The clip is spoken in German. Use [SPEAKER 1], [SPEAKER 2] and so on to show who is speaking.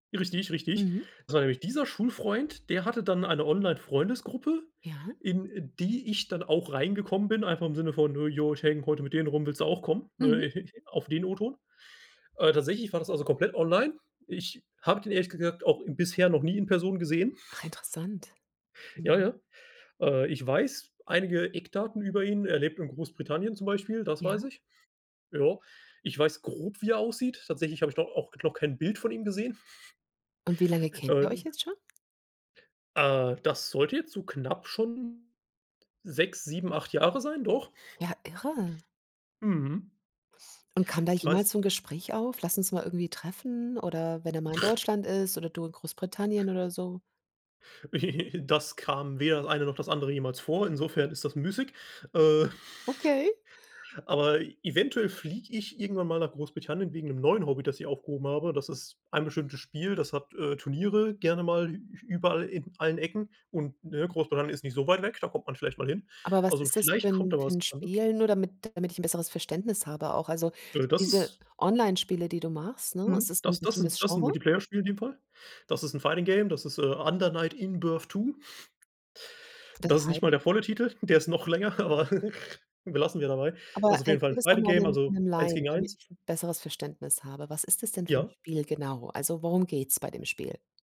[SPEAKER 1] Richtig, richtig.
[SPEAKER 2] Mhm.
[SPEAKER 1] Das war nämlich dieser Schulfreund, der hatte dann eine Online-Freundesgruppe,
[SPEAKER 2] Ja.
[SPEAKER 1] in die ich dann auch reingekommen bin, einfach im Sinne von: „Äh, ja, ich hänge heute mit denen rum, willst du auch kommen?“,
[SPEAKER 2] Mhm.
[SPEAKER 1] ne, auf den O-Ton. Äh, tatsächlich war das also komplett online. Ich habe den ehrlich gesagt auch bisher noch nie in Person gesehen.
[SPEAKER 2] Ah, interessant.
[SPEAKER 1] Ja,
[SPEAKER 2] Mhm.
[SPEAKER 1] ja. Äh, ich weiß einige Eckdaten über ihn. Er lebt in Großbritannien, zum Beispiel, das
[SPEAKER 2] Ja.
[SPEAKER 1] weiß ich. Ja, ich weiß grob wie er aussieht, tatsächlich habe ich doch auch noch kein Bild von ihm gesehen.
[SPEAKER 2] Und wie lange kennt
[SPEAKER 1] Äh
[SPEAKER 2] ihr euch jetzt schon?
[SPEAKER 1] äh, das sollte jetzt so knapp schon 6, 7, 8 Jahre sein, doch.
[SPEAKER 2] Ja, irre.
[SPEAKER 1] Mhm.
[SPEAKER 2] Und kam da
[SPEAKER 1] Ich weiß.
[SPEAKER 2] jemals so 'n Gespräch auf? „Lass uns mal irgendwie treffen“ oder wenn er mal in Deutschland ist oder du in Großbritannien oder so?
[SPEAKER 1] Das kam weder das eine noch das andere jemals vor, insofern ist das müßig. Äh.
[SPEAKER 2] Okay.
[SPEAKER 1] Aber eventuell fliege ich irgendwann mal nach Großbritannien wegen 'nem neuen Hobby, das ich aufgehoben habe. Das ist ein bestimmtes Spiel, das hat, äh, Turniere gerne mal ü überall, in allen Ecken und, ne, Großbritannien ist nicht so weit weg, da kommt man vielleicht mal hin.
[SPEAKER 2] Aber was
[SPEAKER 1] Also,
[SPEAKER 2] ist das für
[SPEAKER 1] vielleicht kommt
[SPEAKER 2] 'n
[SPEAKER 1] da
[SPEAKER 2] für
[SPEAKER 1] was
[SPEAKER 2] 'n
[SPEAKER 1] zustande.
[SPEAKER 2] Spiel, nur damit damit ich 'n besseres Verständnis habe auch? Also,
[SPEAKER 1] Äh, das
[SPEAKER 2] diese
[SPEAKER 1] ist
[SPEAKER 2] Onlinespiele, die du machst, ne, es
[SPEAKER 1] Mhm,
[SPEAKER 2] ist 'n
[SPEAKER 1] das das 'n
[SPEAKER 2] bestimmtes
[SPEAKER 1] das 'n
[SPEAKER 2] Genre?
[SPEAKER 1] Multiplayer-Spiel in dem Fall. Das ist 'n Fighting Game, das ist, äh, „Under Knight In Birth 2“.
[SPEAKER 2] Das
[SPEAKER 1] Das ist
[SPEAKER 2] heißt?
[SPEAKER 1] nicht mal der volle Titel, der ist noch länger, aber belassen wir dabei.
[SPEAKER 2] Aber
[SPEAKER 1] Das ist auf jeden Fall
[SPEAKER 2] erklär
[SPEAKER 1] 'n
[SPEAKER 2] das doch
[SPEAKER 1] Fighting
[SPEAKER 2] mal
[SPEAKER 1] Game,
[SPEAKER 2] 'nem
[SPEAKER 1] also
[SPEAKER 2] 'nem
[SPEAKER 1] 1
[SPEAKER 2] Laien,
[SPEAKER 1] gegen
[SPEAKER 2] damit
[SPEAKER 1] 1.
[SPEAKER 2] ich 'n besseres Verständnis habe. Was ist es denn für 'n
[SPEAKER 1] Ja.
[SPEAKER 2] Spiel genau, wo also, worum geht's bei dem Spiel?